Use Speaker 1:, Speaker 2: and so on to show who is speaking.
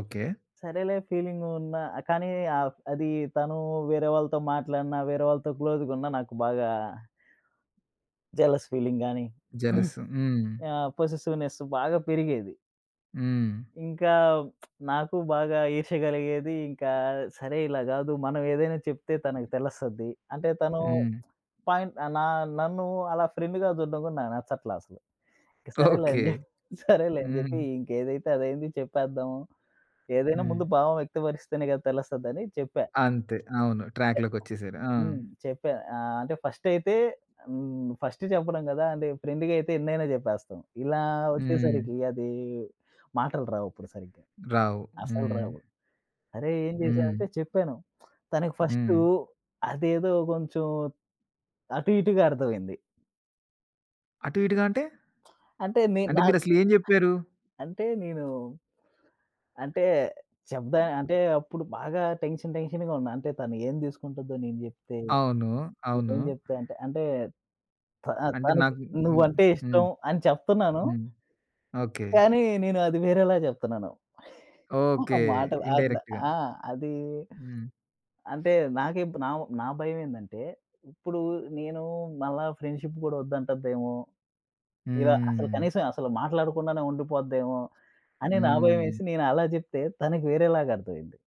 Speaker 1: Okay.
Speaker 2: సరేలే feeling ఉన్న కానీ అ అది తను వేరే వాళ్ళతో మాట్లాడినా, వేరే వాళ్ళతో క్లోజ్‌‌గున్న నాకు బాగా జలస్ ఫీలింగ్ గాని
Speaker 1: జలసు. హ్మ్.
Speaker 2: ఆహ్, పొసెసివ్‌నెస్స్ బాగా పెరిగేది.
Speaker 1: హ్మ్.
Speaker 2: ఇంకా నాకు బాగా ఈర్ష్య కలిగేది. ఇంకా సరే ఇలా గాదు. మనం ఏదైనా చెప్తే తనకి తెలస్తది. అంటే తను
Speaker 1: హ్మ్.
Speaker 2: పాయింట్ నా నన్ను అలా ఫ్రెండ్‌గా చూడ్డం కూడా నాకు నచ్చట్ల అసలు. ఇంకా సరేలే
Speaker 1: ఓకే.
Speaker 2: అని చెప్పి సరేలే అని చెప్పి
Speaker 1: హ్మ్.
Speaker 2: ఇంకేదైతే అదయింది చెప్పేద్దాము. ఏదైనా
Speaker 1: హ్మ్.
Speaker 2: ముందు భావం వ్యక్తపరిస్తేనే కదా తెలస్తది అని చెప్పా.
Speaker 1: అంతే. అవును.
Speaker 2: చెప్పడం
Speaker 1: ట్రాక్‌లోకొచ్చేసారు. ఆ!
Speaker 2: హ్మ్. చెప్పా. ఆహ్, అంటే ఫస్ట్ అయితే హ్మ్. ఫస్ట్ చెప్పడం కదా! అంటే ఫ్రెండ్‌గా అయితే ఎన్నైనా చెప్పేస్తాం. ఇలా
Speaker 1: హ్మ్.
Speaker 2: వచ్చేసరికి అది మాటలు రావు అప్పుడు సరిగ్గా.
Speaker 1: రావు.
Speaker 2: అసలు
Speaker 1: హ్మ్.
Speaker 2: రావు. అరేయ్! ఏం
Speaker 1: హ్మ్.
Speaker 2: చేశానంటే చెప్పాను. తనకి ఫస్టు
Speaker 1: హ్మ్.
Speaker 2: అదేదో కొంచెం అటు ఇటుగా అర్థమయింది.
Speaker 1: అటు ఇటుగా అంటే?
Speaker 2: అంటే నే
Speaker 1: అంటే
Speaker 2: నాక్
Speaker 1: మీరసలు ఏం జెప్పారు?
Speaker 2: అంటే, నేను అంటే చెప్పా
Speaker 1: హ్మ్,
Speaker 2: అంటే
Speaker 1: ఆ!
Speaker 2: అప్పుడు బాగా టెన్షన్ టెన్షన్‌గా ఉన్నా. అంటే తను ఏం తీసుకుంటుందో నేను జెప్తే?
Speaker 1: అవును.
Speaker 2: నేను
Speaker 1: అవును.
Speaker 2: ఏం జెప్తా అంటే ఆహ్,
Speaker 1: అంటే
Speaker 2: తనకి
Speaker 1: నాకు హ్మ్.
Speaker 2: నువ్వంటే
Speaker 1: హ్మ్.
Speaker 2: ఇష్టం అని చెప్తున్నాను
Speaker 1: హ్మ్. ఓకే.
Speaker 2: కానీ నేను అది వేరేలా చెప్తున్నాను.
Speaker 1: ఓకే.
Speaker 2: మాటలు అద్
Speaker 1: ఇండైరెక్ట్‌గా.
Speaker 2: ఆ! అది
Speaker 1: హ్మ్.
Speaker 2: అంటే నాకే ఇప్ నా నా భయమేందంటే ఇప్పుడు నేను మళ్ళా ఫ్రెండ్‌షిప్ కూడా వద్దంటద్దేమో! ఇలా అసలు
Speaker 1: హ్మ్.
Speaker 2: కనీసం అసలు మాట్లాడకుండానే ఉండిపోద్దేమో అని నాకు
Speaker 1: హ్మ్.
Speaker 2: భయమేసి నేనలా జెప్తే తనకు వేరేలాగా అర్థమయింది.